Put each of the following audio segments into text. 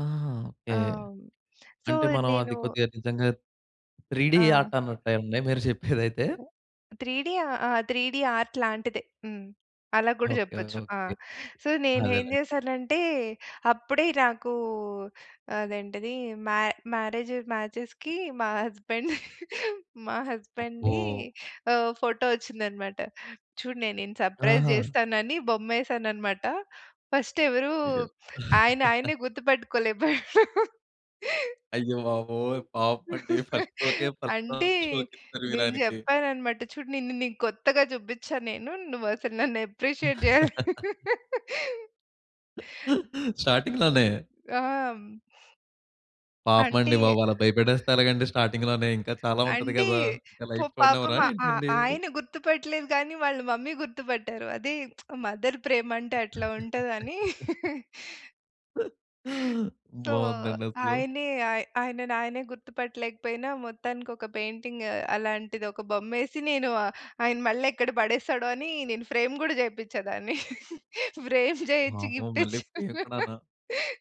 ఆహా! ఆ! ఓకే. హ్మ్. సో, అంటే మనం నేను అది కొద్దిగా నిజంగా 3 డి ఆ! ఆర్ట్ అన్నట్టే అండి. మీరు చెప్పేదైతే? 3 డి ఆ! ఆ 3 డి ఆర్ట్ లాంటిదే. హ్మ్. అలా గూడా ఓకే. జెప్పొచ్చు ఆ! ఓకే. సో, నేనేం అదేలేండి. జేశానంటే, అప్పుడే నాకు అదేంటది మ్యా మ్యారేజ్ మ్యాచెస్‌కి మా హస్బాండ్ మా అబ్బో! హస్బాండ్‌ది ఓహ్! ఫోటో వచ్చిందన్నమాట. చూడు నేను నిన్ను సర్ప్రైజ్ ఆహా! చేస్తానని బొమ్మేసానన్నమాట. ఫస్ట్ ఎవరు, ఇగ ఆయనాయన్నే గుర్తుపట్టుకోలేపోయాడు. అయ్యబాబోయ్! పాపం అండి. ఫస్ట్ స్ట్రోకే ఫస్ట్ అంటే రౌండ్ స్ట్రోకిచ్చారు నేను మీరాయనకి. జేప్పానన్నమాట చూడు నిన్ను నీకు కొత్తగా చూపించా నేను, నువ్వసలు నన్ను అప్రిషియేట్ జెయ్యాలి. స్టార్టింగ్‌లోనే ఆ! హ్మ్. పాపం అంటే అండి బాబు! అలా భయపెట్టేస్తే ఎలాగండి స్టార్టింగ్‌లోనే ఇంకా చాలా ఉంటది అంటే గదా! ఇంకా పొ లైఫ్ పాపం చూడనివ్వరా ఆ ఏంటండి? ఆయన గుర్తుపట్టలేదు గానీ, వాళ్ళ మమ్మీ గుర్తుపట్టారు. అది మదర్ ప్రేమంటే అట్లా ఉంటదని. తో బాగుందండసలు. ఆయనే ఆయనని ఆయనే గుర్తుపట్టలేకపోయినా మొత్తానికి ఒక పెయింటింగ్ అలాంటిది ఒక బొమ్మేసి నేను ఆయన మళ్ళెక్కడ పడేస్తాడో అని నేను ఫ్రేమ్ కూడా చేపిచ్చాదాన్ని ఫ్రేమ్ చేయించి వామ్మో! గిఫ్ట్ మళ్ళీ ఇచ్చాను. పోయానుకున్నాను.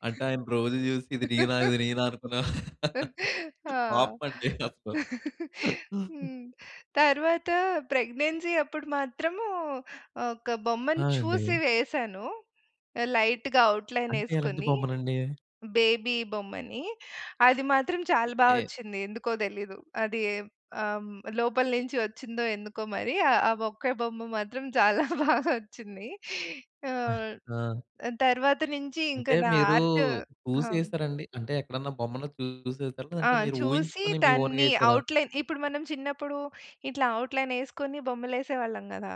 అంటే ఆయన రోజు చూసి ఇది నేనా? ఇది నేనా? అనుకున్నా ఆ! పాపం అండి అసలు. హ్మ్. తరువాత ప్రెగ్నెన్సీ అప్పుడు మాత్రము ఒక్క ఆ! బొమ్మను చూసి అండి. వేశాను. లైట్‌గా అంటే ఎలాంటి ఔట్‌లైనేసుకొని. బొమ్మలండి? బేబీ బొమ్మని అది మాత్రం చాలా ఓకే. బావొచ్చింది. ఎందుకో తెలీదు. అది ఆ! హ్మ్. లోపల నుంచి వచ్చిందో ఎందుకో మరి ఆ! ఆ ఒక్కే బొమ్మ మాత్రం చాలా బాగా వచ్చింది. ఆ! ఆహ్, ఆ! తరువాత నుంచి ఇంకా అంటే నా మీరు ఆర్ట్ ఆ! హ్మ్. చూసేసారండి? అంటే ఎక్కడన్నా బొమ్మను చూసేసారా? ఆ! లేదంటే మీరు చూసి ఊహించుకొని మీ దాన్ని ఓన్‌గేశారా? ఔట్‌లైన్ ఇప్పుడు మనం చిన్నప్పుడు ఇట్లా ఔట్‌లైనేసుకొని బొమ్మలేసేవాళ్ళం గదా!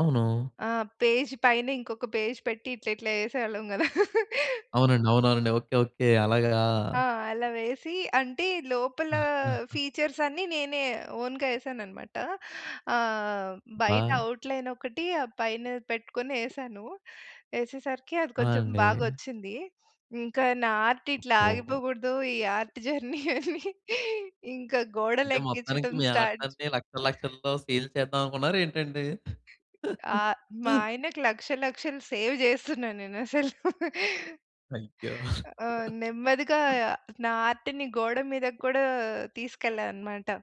అవును. ఆ! పేజ్ పైన ఇంకొక పేజ్ పెట్టి ఇట్లా ఇట్లా ఏసేవాళ్ళం గదా! అవునండి. అవునవునండి. ఓకే. ఓకే. అలాగా? ఆ! అలా వేసి, అంటే లోపల ఫీచర్స్ అన్ని నేనే ఓన్‌గా వేసానన్నమాట. ఆహ్, బయట ఆ! ఔట్‌లైన్ ఒకటి పైన పెట్టుకొని ఏసాను. ఏసేసరికి అది ఆ! కొంచెం అండి. బాగొచ్చింది. ఇంకా నా ఆర్ట్ ఇట్లా ఓహో! ఆగిపోకూడదు, ఈ ఆర్ట్ జర్నీ అని ఇంకా గోడలు అంటే మొత్తానికి ఎక్కించడం మీ స్టార్ట్ ఆర్ట్‌లన్నీ లక్షలక్షల్లో సేల్ చేద్దామనుకున్నారా ఏంటండి? ఆ! మా ఆయనకి లక్షలు లక్షలు సేవ్ జేస్తున్నా నేనసలు. అయ్యో! ఆ! నెమ్మదిగా నా ఆర్ట్‌ని గోడ మీదకి కూడా తీసుకెళ్ళా అన్నమాట.